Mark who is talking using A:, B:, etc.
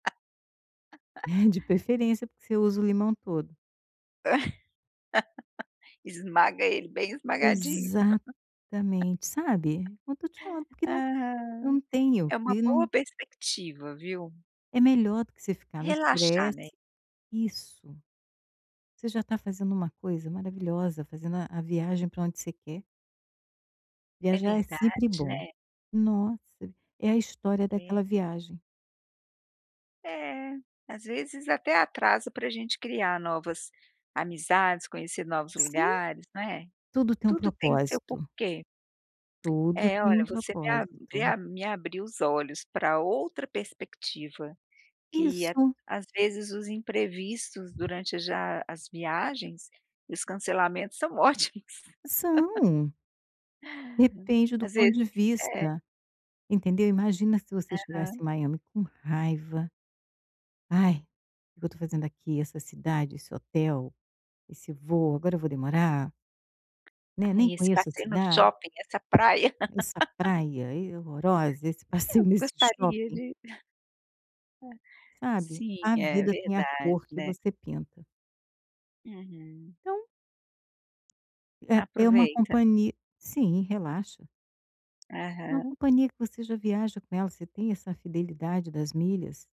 A: De preferência, porque você usa o limão todo.
B: Esmaga ele bem esmagadinho.
A: Exatamente, sabe, não tô te falando, porque não
B: Ah.
A: não tenho,
B: É uma
A: porque
B: boa
A: não
B: perspectiva, viu.
A: É melhor do que você ficar no
B: Relaxar, né.
A: estresse. Isso. Você já tá fazendo uma coisa maravilhosa, fazendo a a viagem pra onde você quer.
B: É
A: Viajar é sempre
B: verdade, né.
A: bom. Nossa, é a história
B: É.
A: daquela viagem.
B: É, às vezes até atrasa pra gente criar novas amizades, conhecer novos
A: Sim.
B: lugares, né,
A: Tudo tem um
B: tudo tem que seu o
A: propósito.
B: porquê.
A: Tudo
B: É.
A: tem
B: Olha,
A: um
B: voce me a me
A: propósito.
B: a me a abriu os olhos pra outra perspectiva, que à
A: Isso.
B: às vezes os imprevistos durante já as viagens e os cancelamentos, são ótimos.
A: São. Depende do
B: Às
A: ponto
B: vezes
A: de
B: é.
A: vista, entendeu. Imagina se você chegasse
B: Aham.
A: em Miami com raiva. Ai, o que eu tô fazendo aqui, essa cidade, esse hotel, esse voo, agora eu vou demorar Né, "Nem
B: Ai, esse
A: conheço a
B: passeio no
A: cida"
B: shopping, essa praia.
A: "Essa praia, e, horrorosa, esse
B: Eu
A: passeio nesse
B: gostaria
A: shopping".
B: de É.
A: Sabe,
B: Sim,
A: a
B: é
A: vida tem a
B: verdade,
A: cor que
B: né.
A: você pinta.
B: Uhum.
A: Então é é uma
B: Aproveita.
A: companhi Sim, relaxa. Uma
B: Aham.
A: companhia que você já viaja com ela, você tem essa fidelidade das milhas.